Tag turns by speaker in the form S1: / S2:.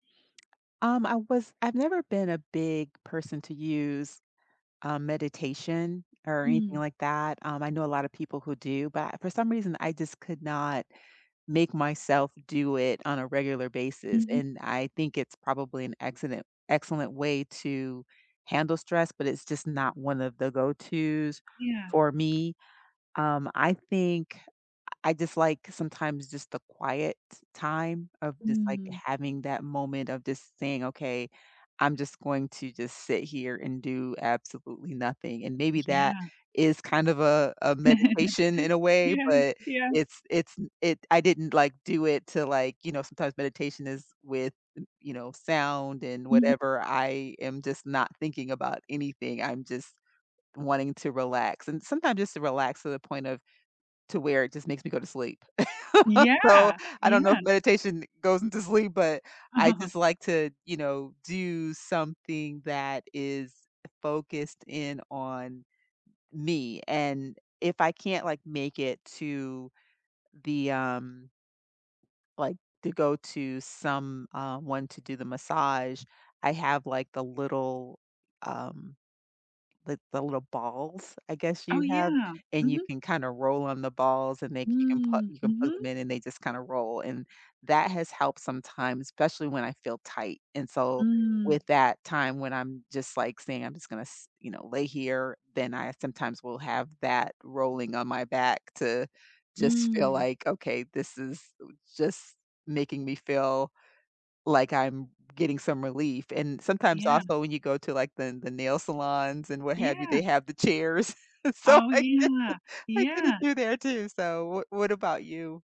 S1: Um, I was I've never been a big person to use, um, meditation, or anything
S2: Mm.
S1: like that, um, I know a lotta people who do, but I for some reason, I just could not make myself do it on a regular basis,
S2: Mhm.
S1: and I think it's probably an excellent excellent way to handle stress, but it's just not one of the go-to's
S2: Yeah.
S1: for me, Um, I think I I dislike, sometimes, just the quiet time, of just, like,
S2: Mm.
S1: having that moment of just saying, "Okay, I'm just going to just sit here, and do absolutely nothing," and maybe that
S2: Yeah.
S1: is kind of a a meditation, in a way,
S2: Yes,
S1: but
S2: yeah.
S1: it's it's n it I didn't, like, do it to, like, you know sometimes meditation is with, you know, sound, and
S2: Mhm.
S1: whatever, I am just not thinking about anything, I'm just wanting to relax, and sometimes just to relax, to the point of to where, it just makes me go to sleep. So,
S2: Yeah.
S1: I don't know if
S2: Yeah.
S1: meditation goes into sleep, but I just like to, you know, do something that is focused in on m me, and if I can't, like, make it to the, um like, to go to some, um I wanted to do the massage, I have, like, the little, um, the the little balls, I guess,
S2: Oh,
S1: you have,
S2: yeah.
S1: and you
S2: Mhm.
S1: can kinda roll on the balls, and they you can put
S2: Mm,
S1: you can plug them
S2: mhm.
S1: in, and they just kinda roll, and that has helped sometimes, especially when I feel tight, and so
S2: Mm.
S1: with that time when I'm just, like, saying, "I'm just gonna s" you know, "lay here," then I sometimes will have that rolling on my back to just feel
S2: Mm.
S1: like, "Okay, this is, eh, just making me feel like I'm getting some relief," and sometimes,
S2: Yeah.
S1: also, when you go to, like, the the nail salons, and what have you,
S2: Yeah.
S1: they have the chairs, so
S2: Oh,
S1: I
S2: yeah.
S1: I
S2: Yeah.
S1: [unintelligible] there too, so what what about you?